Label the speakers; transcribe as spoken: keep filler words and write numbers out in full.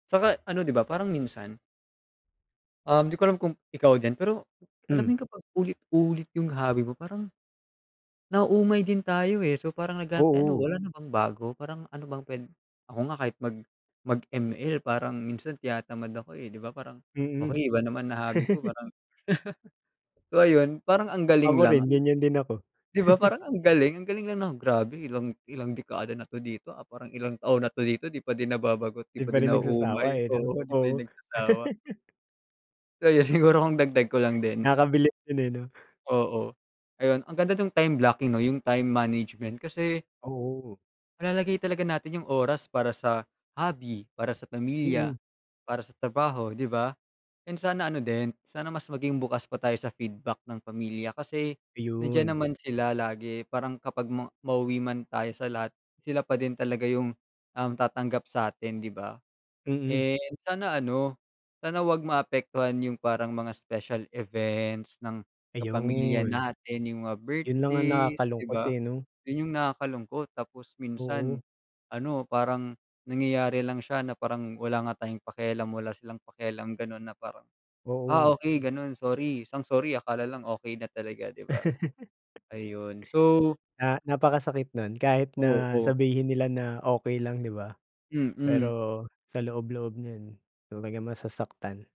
Speaker 1: Saka ano di ba, parang minsan Um, di ko alam kung, ikaw din pero, alam mo
Speaker 2: Mm.
Speaker 1: yun kapag paulit-ulit yung hobby mo parang nauumay din tayo, eh, so parang naghanap tayo no,
Speaker 2: Oo.
Speaker 1: wala na bang bago? Parang ano bang pwed ako nga kahit mag mag-M-L parang minsan tinatamad ako, eh, di ba? Parang
Speaker 2: Mm.
Speaker 1: okey, iba naman na hobby ko, parang So ayun, parang ang
Speaker 2: Ako
Speaker 1: galing lang
Speaker 2: rin
Speaker 1: an
Speaker 2: ganyan din ako.
Speaker 1: di ba parang ang galing? Ang galing lang nang grabe, ilang ilang dekada na dito ah, parang ilang taon na dito di pa din nababagot, di
Speaker 2: Di
Speaker 1: pa
Speaker 2: pa
Speaker 1: din
Speaker 2: rin nagsasawa,
Speaker 1: nauumay
Speaker 2: eh, 'no?
Speaker 1: oo di pa din
Speaker 2: Oo.
Speaker 1: nagsasawa. So yun siguro kung dagdag ko lang din.
Speaker 2: Nakakabilib din, eh, no?
Speaker 1: Oo. Ayun ang ganda nung time blocking no, yung time management kasi
Speaker 2: Oo.
Speaker 1: malalagay talaga natin yung oras para sa hobby, para sa
Speaker 2: Mm.
Speaker 1: pamilya, para sa trabaho, di ba? And sana ano din, sana mas maging bukas pa tayo sa feedback ng pamilya kasi nandiyan
Speaker 2: Iyun
Speaker 1: naman sila lagi parang kapag ma mauwi man tayo sa lahat sila pa din talaga yung, um, tatanggap sa'tin di ba?
Speaker 2: Mm.
Speaker 1: Eh, sana ano, sana wag maapektuhan yung parang mga special events ng kapamilya
Speaker 2: Ayun.
Speaker 1: natin, yung mga
Speaker 2: Yun lang ang
Speaker 1: birthdays, di
Speaker 2: nakakalungkot,
Speaker 1: ba?
Speaker 2: eh, no?
Speaker 1: Yun yung nakakalungkot. Tapos minsan
Speaker 2: Oo.
Speaker 1: ano, parang nangyayari lang siya na parang wala nga tayong pakialamm wala silang pakialam ganun na parang, "Ah
Speaker 2: Oo.
Speaker 1: okey ganun sorry", isang sorry akala lang okey na talaga di ba? Ayun so
Speaker 2: Ah, napakasakit nun, kahit na
Speaker 1: Oo.
Speaker 2: sabihin nila na okey lang di ba?
Speaker 1: Mm.
Speaker 2: Pero sa loob-loob niyan talagang masasaktan.